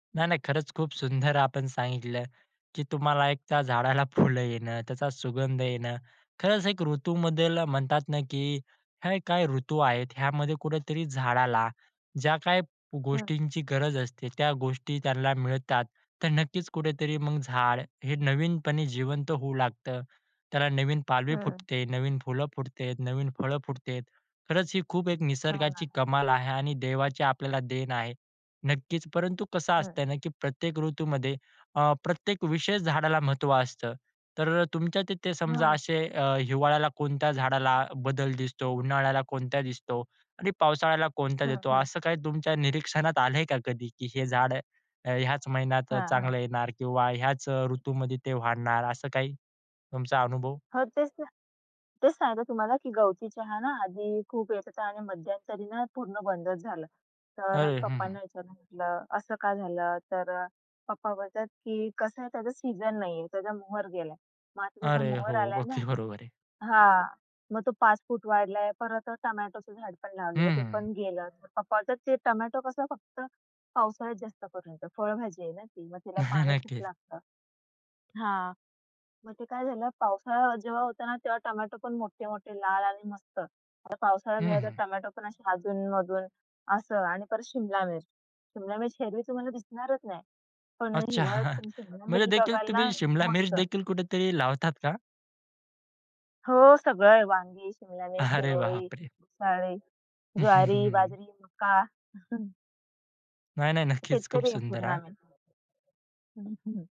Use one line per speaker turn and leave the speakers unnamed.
नाही, नाही. खरंच खूप सुंदर आपण सांगितलं, की तुम्हाला एक त्या झाडाला फुलं येणं, त्याचा सुगंध येणं. खरंच, एक ऋतूमध्ये म्हणतात ना, की हे काही ऋतू आहेत. ह्यामध्ये कुठेतरी झाडाला ज्या काही
हं.
गोष्टींची गरज असते, त्या गोष्टी त्यांना मिळतात. तर नक्कीच कुठेतरी मग झाड हे नवीनपणे जिवंत होऊ लागतं. त्याला नवीन पालवी
हं.
फुटते, नवीन फुलं फुटतेत, नवीन फळं फुटतेत. खरंच, ही खूप एक
हो
निसर्गाची
ना.
कमाल आहे, आणि देवाची आपल्याला देण आहे. नक्कीच. परंतु कसं
हं.
असतंय ना, की प्रत्येक ऋतूमध्ये अ, प्रत्येक विशेष झाडाला महत्त्व असतं. तर अ, तुमच्या तिथे समजा
हां.
असे अ, हिवाळ्याला कोणत्या झाडाला बदल दिस तो, उन्हाळ्याला कोणत्या दिसतो, आणि पावसाळ्याला कोणत्या
हं,
देतो.
हं.
असं काही तुमच्या निरीक्षणात आलंय का, कधी की हे झाड अ, ह्याच महिन्यात
हां, हां.
चांगलं येणार, किंवा ह्याच अ, ऋतूमध्ये ते वाढणार. असं काही तुमचा अनुभव?
हो, तेच ते तेच सांगते तुम्हाला, की गवती चहा ना, आधी खूप येत होता, आणि मध्यंतरी ना, पूर्ण बंदच झालं. तर
अरे! हं, हं.
पप्पांना ह्याच्यानं म्हटलं, "असं का झालं?" तर अ, पप्पा बोलतात, की कसं आहे, त्याचा सीझन नाहीये, त्याचा मोहर गेलाय. मग आता त्याचा
अरे
मोहर
हो,
आलाय
मग
ना,
ते बरोबर आहे.
हां. मग तो 5 फूट वाढलाय. परत टोमॅटोचं झाड पण लावलेलं, ते
हं.
पण गेलं. पप्पा बोलतात, ते टोमॅटो कसं, फक्त पावसाळ्यात जास्त करून फळभाजी आहे ना ती, मग तिला पाणी खूप
नक्कीच.
लागतं. हां, मग ते काय झालं, पावसाळा जेव्हा होता ना, तेव्हा टोमॅटो पण मोठे, मोठे लाल आणि मस्त. आता पावसाळा
हं,
गेला, तर
हं.
टोमॅटो पण असे अधून-मधून असं. आणि परत शिमला मिर्च, शिमला मिर्च हिरवी तुम्हाला दिसणारच नाही, पण
अच्छा,
हिवाळ्यात तुमची शिमला
म्हणजे
मिर्च
देखील
बघाल ना,
तुम्ही शिमला मिर्च
मस्त.
देखील कुठेतरी लावतात का?
हो, सगळ आहे वांगी, शिमला मिर्च,
अरे
शिरोळी,
बापरे!
भुसाळी, ज्वारी, बाजरी मका.
नाही, नाही नक्कीच, खूप
शेतकरी आहे
सुंदर
पूर्ण
हां.
आम्ही [unintelligible] हं, हं.